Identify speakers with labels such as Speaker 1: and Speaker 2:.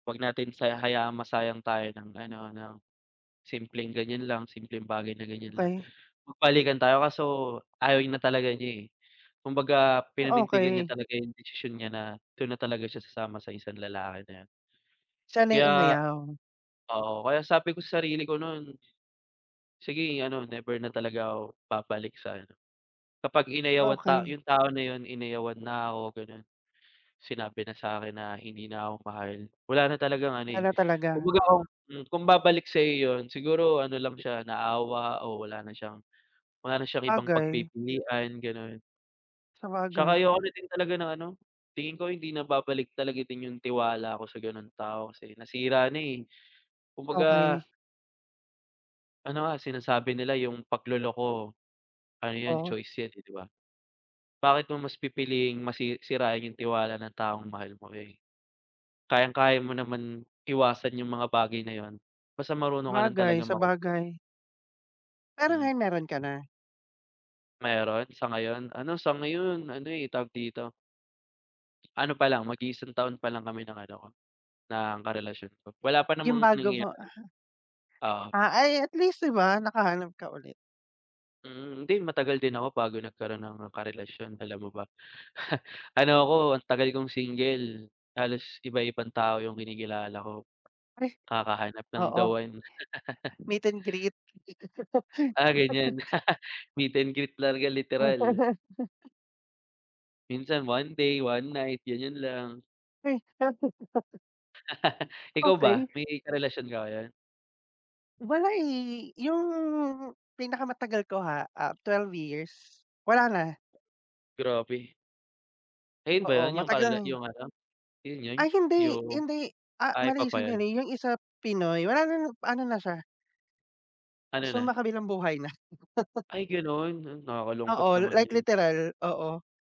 Speaker 1: Huwag natin siya hayaang masayang tayo ng ano ng, simpleng ganiyan lang, simpleng bagay na ganiyan lang.
Speaker 2: Okey.
Speaker 1: Magbalikan tayo kaso ayaw na talaga niya, eh, kumbaga
Speaker 2: Oh,
Speaker 1: pinanindigan niya
Speaker 2: okey.
Speaker 1: talaga 'yung desisyon niya na do'n na talaga siya sasama sa isang lalaki na 'yon.
Speaker 2: Siya na
Speaker 1: Kay,
Speaker 2: 'yung umayaw.
Speaker 1: oo kaya sabi ko sa sarili ko nun, Sige, ano never na talaga ako babalik sa ano, kapag inayawan ta
Speaker 2: Okey.
Speaker 1: 'yung tao na 'yun inayawan na ako gano'n, sinabi na sa'kin na hindi na ako mahal, wala na talagang ano eh,
Speaker 2: Wala talaga.
Speaker 1: kumbaga, hmm, kung babalik sa'yo 'yun siguro ano lang siya, naawa o wala na siyang, wala na siyang ibang
Speaker 2: Sabagay.
Speaker 1: pagpipilian, gano'n. 'Tsaka
Speaker 2: Sabagay.
Speaker 1: ayoko rin din talaga ng ano, tingin ko hindi na babalik talaga din 'yung tiwala ko sa gano'ng tao kasi nasira na, eh, kumbaga
Speaker 2: Okey.
Speaker 1: Ano nga, sinasabi nila 'yung pagloloko, ano 'yan
Speaker 2: Oh.
Speaker 1: choice 'yan, eh, 'di ba? Bakit mo mas pipiliing masi sirain 'yung tiwala ng taong mahal mo, eh, kayang-kaya mo naman iwasan 'yung mga bagay na 'yun, basta marunong ka lang
Speaker 2: Sabagay,
Speaker 1: talagang makontento.
Speaker 2: sabagay. Pero
Speaker 1: Mm.
Speaker 2: ngayon meron ka na?
Speaker 1: Meron, sa ngayon, ano sa ngayon ano, eh, tawag dito, ano pa lang mag-iisang taon pa lang kami ng ano ko, ng karelasyon ko wala pa
Speaker 2: 'Yung
Speaker 1: namang
Speaker 2: bago mo,
Speaker 1: nangyayari,
Speaker 2: ah.
Speaker 1: oo.
Speaker 2: Ah, ay at least 'di ba, nakahanap ka ulit.
Speaker 1: Mm. Hindi matagal din ako bago nagkaro'n ng karelasyon alam mo ba, ano ako ang tagal kong single halos iba-ibang tao 'yung kinikilala ko,
Speaker 2: Ay,
Speaker 1: kakahanap ng the
Speaker 2: oo,
Speaker 1: one.
Speaker 2: meet and greet.
Speaker 1: Ah, ganiyan, meet and greet talaga literal. Minsan one day, one night ganiyan lang. Ikaw ba,
Speaker 2: Okey.
Speaker 1: may karelasyon ka ngayon?
Speaker 2: Wala, eh, 'yung pinakamatagal ko ha, ah, 12 years, wala na.
Speaker 1: Grabe. Ayun ba
Speaker 2: Oo,
Speaker 1: 'yun 'yung
Speaker 2: matagal
Speaker 1: karela
Speaker 2: na 'yun.
Speaker 1: 'yung ano, 'yun 'yun?
Speaker 2: Ay hindi
Speaker 1: 'Yung,
Speaker 2: hindi, ah,
Speaker 1: ay iba
Speaker 2: mali,
Speaker 1: pa 'yun.
Speaker 2: sandali 'yung isa Pinoy wala na na ano na siya
Speaker 1: Ano na?
Speaker 2: Sumakabilang buhay na.
Speaker 1: Ay gano'n, hmm, nakakalungkot
Speaker 2: Oo,
Speaker 1: naman
Speaker 2: like
Speaker 1: 'yun.
Speaker 2: literal, oo.